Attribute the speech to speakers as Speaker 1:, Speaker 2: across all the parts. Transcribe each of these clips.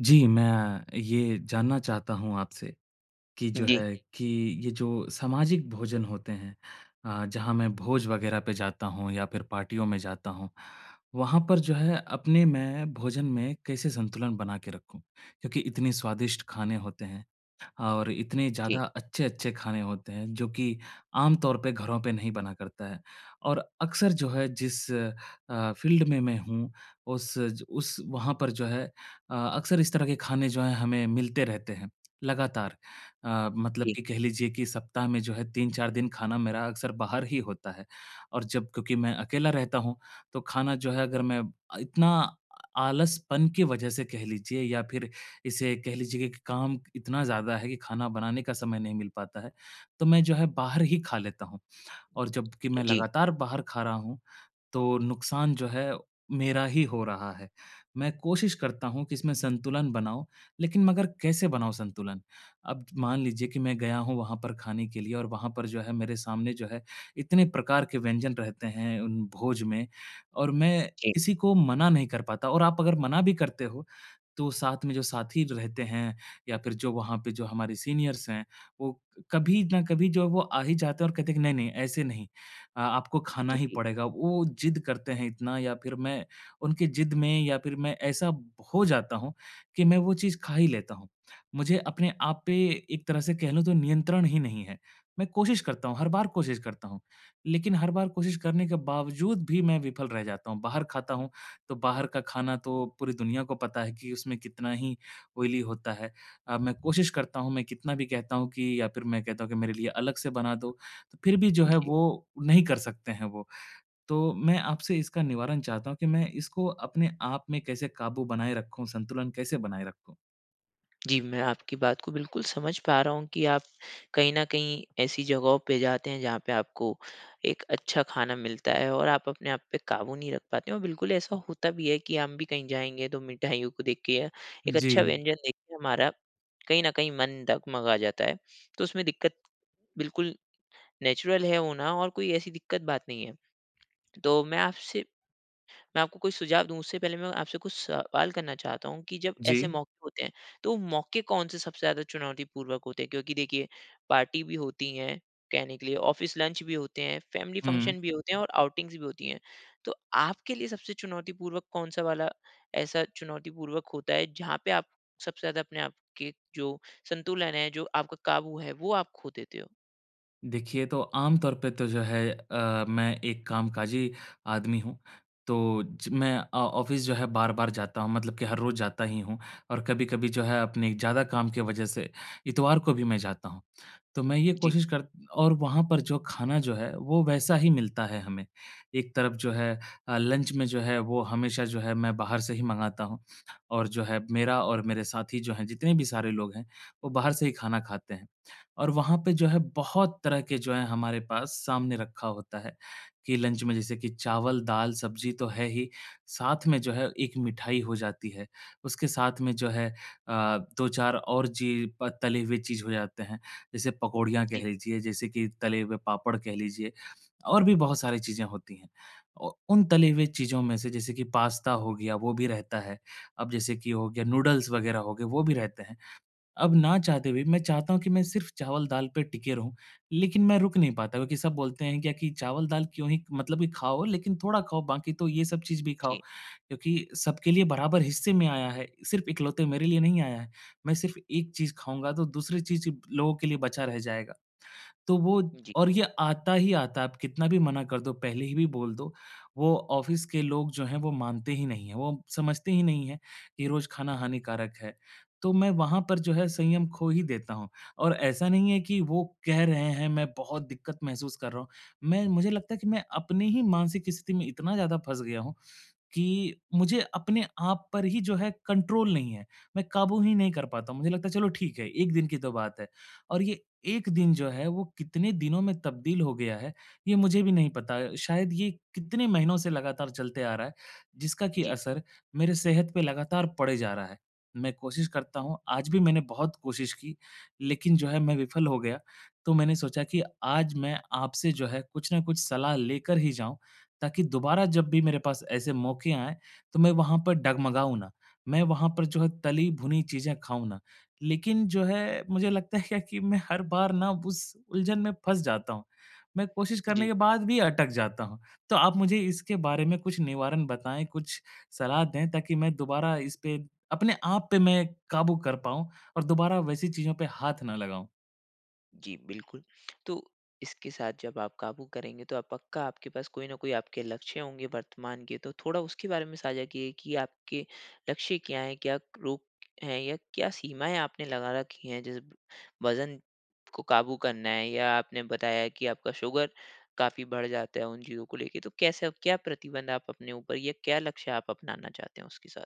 Speaker 1: जी, मैं ये जानना चाहता हूँ आपसे, कि जो
Speaker 2: जी।
Speaker 1: है कि, ये जो सामाजिक भोजन होते हैं। अ, जहाँ मैं भोज वग़ैरह पे जाता हूँ या फ़िर पार्टियों में जाता हूँ। वहाँ पर जो है अपने मैं भोजन में कैसे संतुलन बना के रखूँ? क्योंकि इतनी स्वादिष्ट खाने होते हैं और इतने
Speaker 2: जी।
Speaker 1: ज़्यादा अच्छे-अच्छे खाने होते हैं जो कि आमतौर पे घरों पे नहीं बना करता है। और अक्सर जो है जिस अ, फ़ील्ड में मैं हूँ उस ज उस वहाँ पर जो है अ अक्सर इस तरह के खाने जो हैं हमें मिलते रहते हैं लगातार। अ, मतलब
Speaker 2: जी।
Speaker 1: कि कह लीजिए कि सप्ताह में जो है 3-4 दिन खाना मेरा अक्सर बाहर ही होता है। और जब क्योंकि मैं अकेला रहता हूँ तो खाना जो है अगर मैं इतना आलसपन की वजह से कह लीजिए या फ़िर इसे कह लीजिए कि काम इतना ज़्यादा है कि खाना बनाने का समय नहीं मिल पाता है। तो मैं जो है बाहर ही खा लेता हूँ। और जब कि
Speaker 2: अ,
Speaker 1: मैं
Speaker 2: जी।
Speaker 1: लगातार बाहर खा रहा हूँ, तो नुकसान जो है मेरा ही हो रहा है। मैं कोशिश करता हूँ कि इसमें संतुलन बनाऊँ, लेकिन मगर कैसे बनाऊँ संतुलन? अब मान लीजिए कि मैं गया हूँ वहाँ पर खाने के लिए और वहाँ पर जो है मेरे सामने जो है, इतने प्रकार के व्यंजन रहते हैं उन भोज में और मैं
Speaker 2: जी।
Speaker 1: किसी को मना नहीं कर पाता। और आप अगर मना भी करते हो तो साथ में जो साथी रहते हैं या फिर जो वहाँ पे जो हमारे सीनियर्स हैं, वो कभी न कभी जो है वो आ ही जाते हैं और कहते हैं कि नहीं-नहीं ऐसे नहीं। अ आपको खाना ही
Speaker 2: जी।
Speaker 1: पड़ेगा। वो ज़िद करते हैं इतना या फ़िर मैं उनकी ज़िद में या फिर मैं ऐसा ब हो जाता हूँ कि मैं वो चीज़ खा ही लेता हूँ। मुझे अपने आप पे एक तरह से कह लूँ तो नियंत्रण ही नहीं है। मैं कोशिश करता हूँ, हर बार कोशिश करता हूँ। लेकिन हर बार कोशिश करने के बावजूद भी मैं विफ़ल रह जाता हूँ, बाहर खाता हूँ। तो बाहर का खाना तो पूरी दुनिया को पता है कि उसमें कितना ही ऑयली होता है। अ, मैं कोशिश करता हूँ, मैं कितना भी कहता हूँ कि या फिर मैं कहता हूँ कि मेरे लिए अलग से बना दो, फिर भी जो है
Speaker 2: जी।
Speaker 1: वो नहीं कर सकतें हैं वो। तो मैं आपसे इसका निवारण चाहता हूँ कि मैं इसको अपने आप में कैसे काबू बनाए रखूँ, संतुलन कैसे बनाएँ रखूँ?
Speaker 2: जी, मैं आपकी बात को बिल्कुल समझ पा रहा हूँ कि आप कहीं न कहीं ऐसी जगहों पे जाते हैं जहाँ पे आपको एक अच्छा खाना मिलता है और आप अपने आप पे काबू नहीं रख पाते हैं और बिल्कुल ऐसा होता भी है कि हम भी कहीं जाएँगे तो मिठाइयों को देख के या एक अच्छा
Speaker 1: जी।
Speaker 2: व्यंजन देख के हमारा कहीं न कहीं मन डगमगा जाता है। तो उसमें दिक्कत बिल्कुल नेचुरल है होना और कोई ऐसी दिक्कत बात नहीं है। तो मैं आपसे मैं आपको कोई सुझाव दूँ उससे पहले मैं आपसे कुछ सवाल करना चाहता हूँ कि जब ऐसे
Speaker 1: जी।
Speaker 2: मौके होते हैं, तो मौके कौन से सबसे ज़्यादा चुनौतीपूर्वक होते हैं क्योंकि देखिए पार्टी भी होती हैं कहने के लिए, ऑफ़िस लंच भी होते हैं, फ़ेेमिली
Speaker 1: हुँ।
Speaker 2: फ़ंक्शन भी होते हैं और आउटिंगस भी होती हैं। तो आपके लिए सबसे चुनौतीपूर्वक कौन-सा वाला ऐसा चुनौतीपूर्वक होता है जहाँ पे आप सबसे ज़्यादा अपने आप आपके जो संतुलन है, जो आपका काबू है वो आप खो देते हो?
Speaker 1: देखिए तो आम तौर पे तो जो है अ, मैं एक कामकाजी आदमी हूँ तो ज मैं अ ऑफ़िस जो है बार-बार जाता हूँ मतलब कि हर रोज़ जाता ही हूँ। और कभी-कभी जो है अपने ज़्यादा काम की वजह से इतवार को भी मैं जाता हूँ। तो मैं ये
Speaker 2: जी।
Speaker 1: कोशिश कर और वहाँ पर जो खाना जो है वो वैसा ही मिलता है हमें। एक तरफ जो है अ, लंच में जो है वो हमेशा जो है मैं बाहर से ही मँगाता हूँ। और जो है मेरा और मेरे साथी जो हैं जितने भी सारे लोग हैं, वो बाहर से ही खाना खाते हैं। और वहाँ पे जो है बहुत तरह के जो है हमारे पास सामने रखा होता है कि लंच में जैसे कि चावल, दाल, सब्जी तो है ही, साथ में जो है एक मिठाई हो जाती है। उसके साथ में जो है अ, 2-4 और ची प तली हुई चीज हो जाते हैं। जैसे पकोड़ियाँ
Speaker 2: जी।
Speaker 1: कह लीजिए, जैसे कि तले हुए पापड़ कह लीजिए, और भी बहुत सारी चीजें होती हैं। औ उन तली हुए चीज़ों में से जैसे कि पास्ता हो गया, वो भी रहता है। अब जैसे कि हो गया नूडल्स वग़ैरह हो गए वो भी रहते हैं। अब ना चाहते हुए मैं चाहता हूँ कि मैं सिर्फ़ चावल-दाल पर टिके रहूँ, लेकिन मैं रुक नहीं पाता क्योंकि सब बोलते हैं क्या कि चावल-दाल क्यों ही मतलब कि खाओ लेकिन थोड़ा खाओ बाकी तो ये सब चीज़ भी खाओ।
Speaker 2: जी।
Speaker 1: क्योंकि सबके लिए बराबर हिस्से में आया है सिर्फ़ इकलौते मेरे लिए नहीं आया है। मैं सिर्फ़ एक चीज़ खाऊँगा तो दूसरी चीज़ लोगों के लिए बचा रह जाएगा। तो वो
Speaker 2: जी।
Speaker 1: और ये आता ही आता है आप कितना भी मना कर दो पहले ही भी बोल दो। वो ऑफ़िस के लोग जो हैं वो मानते ही नहीं हैं, वो समझते ही नहीं है कि रोज़ खाना हानिकारक है। तो मैं वहाँ पर जो है संयम खो ही देता हूँ। और ऐसा नहीं है कि वो कह रहे हैं, मैं बहुत दिक्कत महसूस कर रहा हूँ। मैं मुझे लगता है कि मैं अपनी ही मानसिक स्थिति में इतना ज़्यादा फँस गया हूँ कि मुझे अपने आप पर ही जो है कंट्रोल नहीं है। मैं काबू ही नहीं कर पाता हूँ। मुझे लगता है चलो ठीक है, 1 दिन की तो बात है। और ये 1 दिन जो है वो कितने दिनों में तब्दील हो गया है, ये मुझे भी नहीं पता। शायद ये कितने महीनों से लगातार चलते आ रहा है, जिसका कि
Speaker 2: जी।
Speaker 1: असर मेरे सेहत पे लगातार पड़े जा रहा है। मैं कोशिश करता हूँ आज भी मैंने बहुत कोशिश की, लेकिन जो है मैं विफ़ल हो गया। तो मैंने सोचा कि आज मैं आपसे जो है कुछ न कुछ सलाह लेकर ही जाऊँ। ताकि दोबारा जब भी मेरे पास ऐसे मौके आए, तो मैं वहाँ पर डगमगाऊँ ना। मैं वहाँ पर जो है तली-भुनी चीज़ें खाऊँ ना। लेकिन जो है मुझे लगता है क्या कि मैं हर बार न उस उलझन में फँस जाता हूँ। मैं कोशिश करने
Speaker 2: जी।
Speaker 1: के बाद भी अटक जाता हूँ। तो आप मुझे इसके बारे में कुछ निवारण बताएँ, कुछ सलाह दें ताकि मैं दोबारा इसपे अपने आप पे मैं काबू कर पाऊँ और दोबारा वैसी चीज़ों पे हाथ ना लगाऊँ।
Speaker 2: जी, बिल्कुल। तो इसके साथ जब आप काबू करेंगे, तो पक्का आपके पास कोई न कोई आपके लक्ष्य होंगे वर्तमान के, तो थोड़ा उसके बारे में साझा किए, कि आपके लक्ष्य क्या हैं, क्या क रोग हैं या क्या सीमाएँ आपने लगा रखी हैं? जैसे वज़न को काबू करना है या आपने बताया कि आपका शुगर, काफ़ी बढ़ जाता है उन चीज़ों को लेके, तो कैसे आप क्या प्रतिबंध आप अपने ऊपर या क्या लक्ष्य आप अपनाना चाहते हों उसके साथ?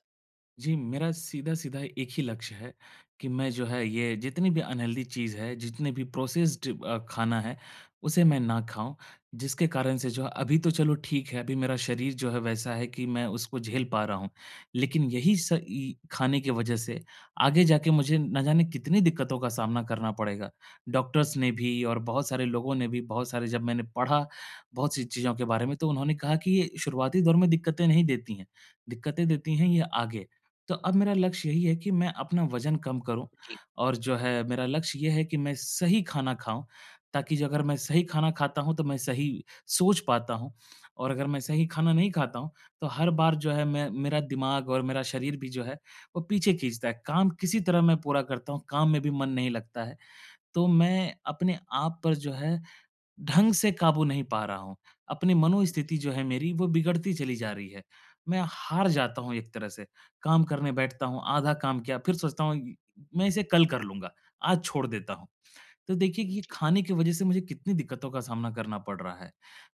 Speaker 1: जी, मेरा सीधा-सीधा एक ही लक्ष्य है, कि मैं जो है ये जितनी भी अनहेल्दी चीज़ है, जितने भी प्रोसेस्ड अ, खाना है, उसे मैं ना खाऊँ। जिसके कारण से जो है, अभी तो चलो ठीक है, अभी मेरा शरीर जो है वैसा है कि मैं उसको झेल पा रहा हूँ। लेकिन यही स इ खाने की वज़ह से, आगे जाके मुझे ना जाने कितनी दिक्कतों का सामना करना पड़ेगा। डॉक्टर्स ने भी और बहुत सारे लोगों ने भी, बहुत सारे जब मैंने पढ़ा, बहुत सी चीज़ें के बारे में, तो उन्होंने कहा कि ये शुरुआती दौर में दिक्कतें नहीं देती हैं। दिक्कतें देती हैं ये आगे। तो अब मेरा लक्ष्य यही है कि मैं अपना वजन कम करूँ
Speaker 2: जी।
Speaker 1: और जो है मेरा लक्ष्य ये है कि मैं सही खाना खाऊँ, ताकि जो अगर मैं सही खाना खाता हूँ, तो मैं सही सोच पाता हूँ। और अगर मैं सही खाना नहीं खाता हूँ, तो हर बार जो है मैं मेरा दिमाग़ और मेरा शरीर भी जो है, वो पीछे खींचता है। काम किसी तरह मैं पूरा करता हूँ, काम में भी मन नहीं लगता है। तो मैं अपने आप पर जो है, ढंग से काबू नहीं पा रहा हूँ। अपनी
Speaker 2: जी।
Speaker 1: मनोस्थिति जो है मेरी, वो बिगड़ती चली जा रही है। मैं हार जाता हूँ एक तरह से, काम करने बैठता हूँ, आधा काम किया, फिर सोचता हूँ, मैं इसे कल कर लूँगा। आज छोड़ देता हूँ। तो देखिए, कि ये
Speaker 2: जी।
Speaker 1: खाने की वज़ह से मुझे कितनी दिक्कतों का सामना करना पड़ रहा है।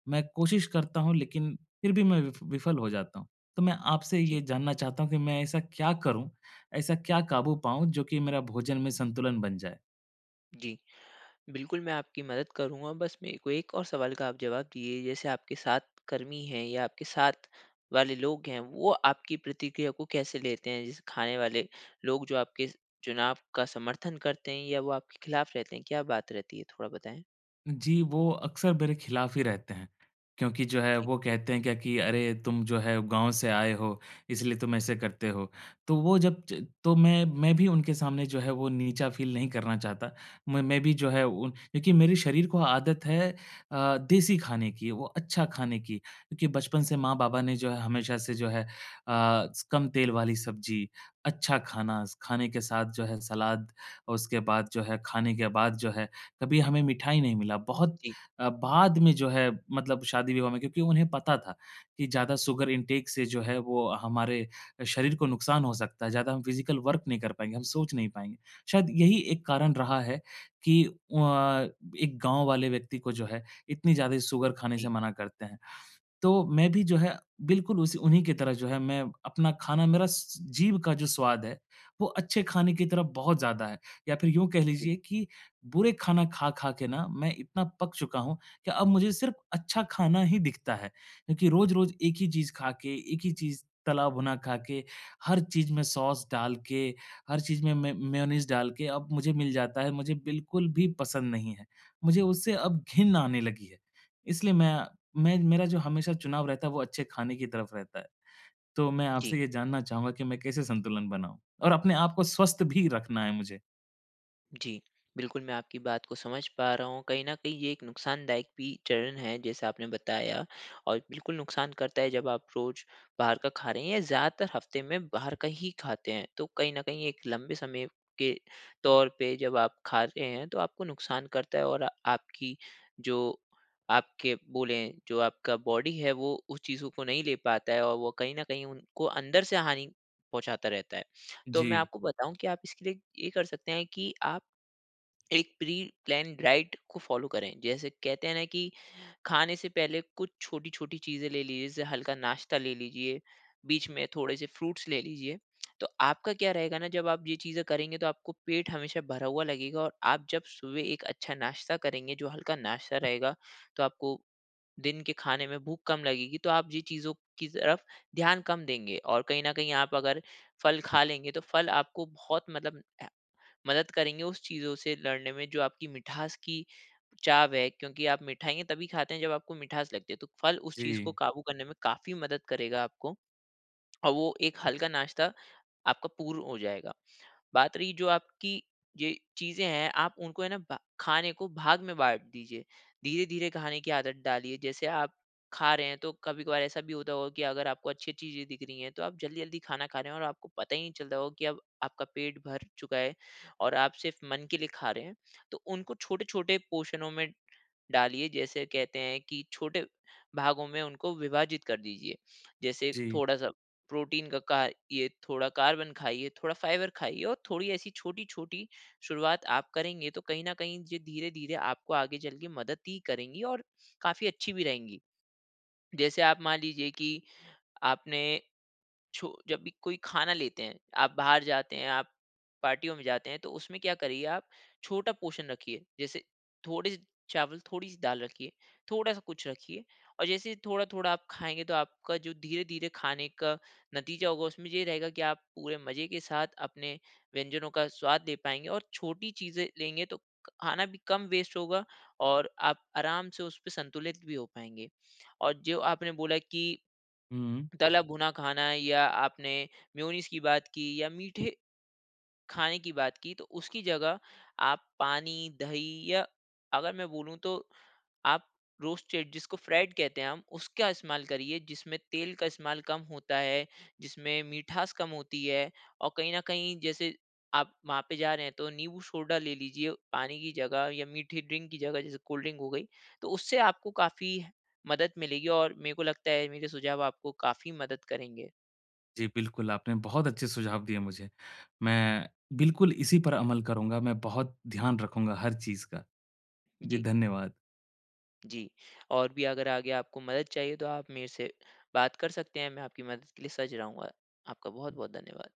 Speaker 1: मैं कोशिश करता हूँ लेकिन, फिर भी मैं वि विफल हो जाता हूँ। तो मैं आपसे
Speaker 2: जी।
Speaker 1: ये जानना चाहता हूँ कि मैं ऐसा क्या करूँ? ऐसा क्या काबू पाऊँ, जो कि मेरा भोजन में संतुलन बन जाए?
Speaker 2: जी। बिल्कुल, मैं आपकी मदद करूँगा बस मेरे को 1 और सवाल का आप जवाब दीजिए जैसे आपके साथ कर्मी हैं या आपके साथ वाले लोग हैं, वो आपकी प्रतिक्रिया को कैसे लेते हैं? जैसे खाने वाले लोग जो आपके चुनाव का समर्थन करते हैं? या वो आपके ख़िलाफ रहते हैं, क्या बात रहती है थोड़ा बताएँ?
Speaker 1: जी वो अक्सर मेरे खिलाफ़ ही रहते हैं क्योंकि जो है
Speaker 2: ठीक।
Speaker 1: वो कहते हैं क्या कि अरे! तुम जो है गाँव से आए हो इसलिए तुम ऐसे करते हो। तो वो जब ज तो मैं मैं भी उनके सामने जो है वो नीचा फ़ील नहीं करना चाहता। म मैं भी जो है क्योंकि मेरे शरीर को आदत है अ, देसी खाने की, वो अच्छा खाने की क्योंकि बचपन से माँ-बाबा ने जो है, हमेशा से जो है अ, कम तेल वाली सब्ज़ी, अच्छा खाना, खाने के साथ जो है सलाद और उसके बाद जो है, खाने के बाद जो है कभी हमें मिठाई नहीं मिला। बहुत
Speaker 2: जी।
Speaker 1: अ, बाद में जो है मतलब शादी-विवाह में क्योंकि उन्हें पता था कि ज़्यादा शुगर इंटेक से जो है वो हमारे शरीर को नुकसान हो सकता है। ज़्यादा हम फ़िज़िकल वर्क नहीं कर पाएँगे, हम सोच नहीं पाएँगे। शायद यही 1 कारण रहा है कि अ, एक गाँव वाले व्यक्ति को जो है इतनी ज़्यादा शुगर खाने
Speaker 2: जी।
Speaker 1: से मना करते हैं। तो मैं भी जो है बिल्कुल उस उन्हीं की तरह जो है मैं अपना खाना मेरा स जीभ का जो स्वाद है, वो अच्छे खाने की तरफ बहुत ज़्यादा है। या फ़िर यूँ कह
Speaker 2: जी।
Speaker 1: लीजिए कि बुरे खाना खा-खा के ना मैं इतना पक चुका हूँ कि अब मुझे सिर्फ़ अच्छा खाना ही दिखता है। क्योंकि रोज-रोज 1 ही चीज़ खा के, एक ही चीज़ तला-भुना खा के, हर चीज़ में सॉस डाल के, हर चीज़ में मे मेयोनीज़ डाल के अब मुझे मिल जाता है मुझे बिल्कुल भी पसंद नहीं है, मुझे उससे अब घिन आने लगी है। इसलिए मैं मैं मेरा जो हमेशा चुनाव रहता है वो अच्छे खाने की तरफ रहता है। तो मैं
Speaker 2: जी।
Speaker 1: आपसे ये जानना चाहूँगा कि मैं कैसे संतुलन बनाऊँ? और अपने आपको स्वस्थ भी रखना है मुझे।
Speaker 2: जी। बिल्कुल मैं आपकी बात को समझ पा रहा हूँ, कहीं न कहीं ये एक नुकसानदायक भी चरण है जैसा आपने बताया। और बिल्कुल नुकसान करता है, जब आप रोज़ बाहर का खा रहे हैं, या ज़्यादातर हफ़्ते में बाहर का ही खाते हैं। तो कहीं न कहीं एक लंबे समय के तौर पे जब आप खा रहे हैं, तो आपको नुकसान करता है। और आपकी जो आपके बोलें जो आपका बॉडी है वो उस चीज़ों को नहीं ले पाता है और वो कहीं न कहीं उनको अंदर से हानि पहुँचाता रहता है। तो मैं
Speaker 1: जी।
Speaker 2: आपको बताऊँ कि आप इसके लिए, ये कर सकते हैं कि आप, एक प्री-प्लान डाइट को फॉलो करें। जैसे कहते हैं ना, कि खाने से पहले कुछ छोटी-छोटी चीज़ें ले लीजिए, जैसे हल्का नाश्ता ले लीजिए, बीच में थोड़े से फ्रूट्स ले लीजिए। तो आपका क्या रहेगा ना जब आप ये चीज़ें करेंगे, तो आपको पेट हमेशा भरा हुआ लगेगा और आप जब सुबह एक अच्छा नाश्ता करेंगे, जो हल्का नाश्ता रहेगा, तो आपको, दिन के खाने में भूख कम लगेगी, तो आप जी चीज़ों की तरफ ध्यान कम देंगे। और कहीं न कहीं आप अगर फल खा लेंगे, तो फल आपको बहुत मतलब अ, मदद करेंगे उस चीज़ों से लड़ने में, जो आपकी मिठास की चाव है। क्योंकि आप मिठाइयाँ तभी खाते हैं, जब आपको मिठास लगती है, तो फल उस चीज़ को
Speaker 1: जी।
Speaker 2: काबू करने में काफ़ी मदद करेगा आपको। अ, वो एक हल्का नाश्ता आपका पूर्ण हो जाएगा। बात रही जो आपकी ये चीज़ें हैं, आप उनको है ना ब खाने को भाग में बाँट दीजिए। धीरे-धीरे खाने की आदत डालिए, जैसे आप खा रहे हैं, तो कभी-कभार ऐसा भी होता होगा कि, अगर आपको अच्छी चीज़ें दिख रही हैं, तो आप जल्दी-जल्दी खाना खा रहे हैं और आपको पता ही नहीं चलता होगा, कि अब आपका पेट भर चुका है और आप सिर्फ मन के लिए खा रहे हैं। तो उनको छोटे-छोटे पोर्शनों में डालिए, जैसे कहते हैं, कि छोटे भागों में उनको विभाजित कर दीजिए। जैसे
Speaker 1: जी।
Speaker 2: थोड़ा-सा प्रोटीन का का ये थोड़ा कार्बन खाइए, थोड़ा फाइबर खाइए, और थोड़ी ऐसी छोटी-छोटी शुरुआत आप करेंगे, तो कहीं न कहीं जे धीरे-धीरे आपको आगे चल के मदद ही करेंगी और काफ़ी अच्छी भी रहेंगी। जैसे आप मान लीजिए कि आपने, छो जब भी कोई खाना लेते हैं, आप बाहर जाते हैं, आप पार्टियों में जाते हैं, तो उसमें क्या करिए आप छोटा पोर्शन रखिए, जैसे थोड़े से चावल, थोड़ी-सी दाल रखिए, थोड़ा-सा कुछ रखिए और जैसे थोड़ा-थोड़ा आप खाएँगे, तो आपका जो धीरे-धीरे खाने का नतीजा होगा, उसमें ये रहेगा कि आप पूरे मज़े के साथ, अपने व्यंजनों का स्वाद ले पाएँगे। और छोटी चीज़ें लेंगे तो क खाना भी कम वेस्ट होगा और आप आराम से उसपे संतुलित भी हो पाएँगे। और जो आपने बोला कि,
Speaker 1: हुँ।
Speaker 2: तला-भुना खाना या आपने मेयोनीज़ की बात की, या मीठे खाने की बात की, तो उसकी जगह आप पानी, दही या अगर मैं बोलूँ तो आप रोस्टेड जिसको फ्राइड़ कहते हैं हम, उसका इस्तेमाल करिए जिसमें तेल का इस्तेमाल कम होता है, जिसमें मिठास कम होती है। और कहीं न कहीं, जैसे आप वहाँ पे जा रहे हैं, तो नींबू सोडा ले लीजिए, पानी की जगह या मीठी ड्रिंक की जगह जैसे कोल्ड ड्रिंक हो गई। तो उससे आपको काफ़ी मदद मिलेगी और मेरे को लगता है, मेरे सुझाव आपको काफ़ी मदद करेंगे।
Speaker 1: जी बिल्कुल, आपने बहुत अच्छे सुझाव दिए मुझे। मैं बिल्कुल इसी पर अमल करूँगा, मैं बहुत ध्यान रखूँगा हर चीज़ का। जी
Speaker 2: जी।
Speaker 1: धन्यवाद।
Speaker 2: जी, और भी अगर आगे आपको मदद चाहिए, तो आप मेरे से बात कर सकते है, मैं आपकी मदद के लिए सज रहूँगा, आपका बहुत-बहुत धन्यवाद।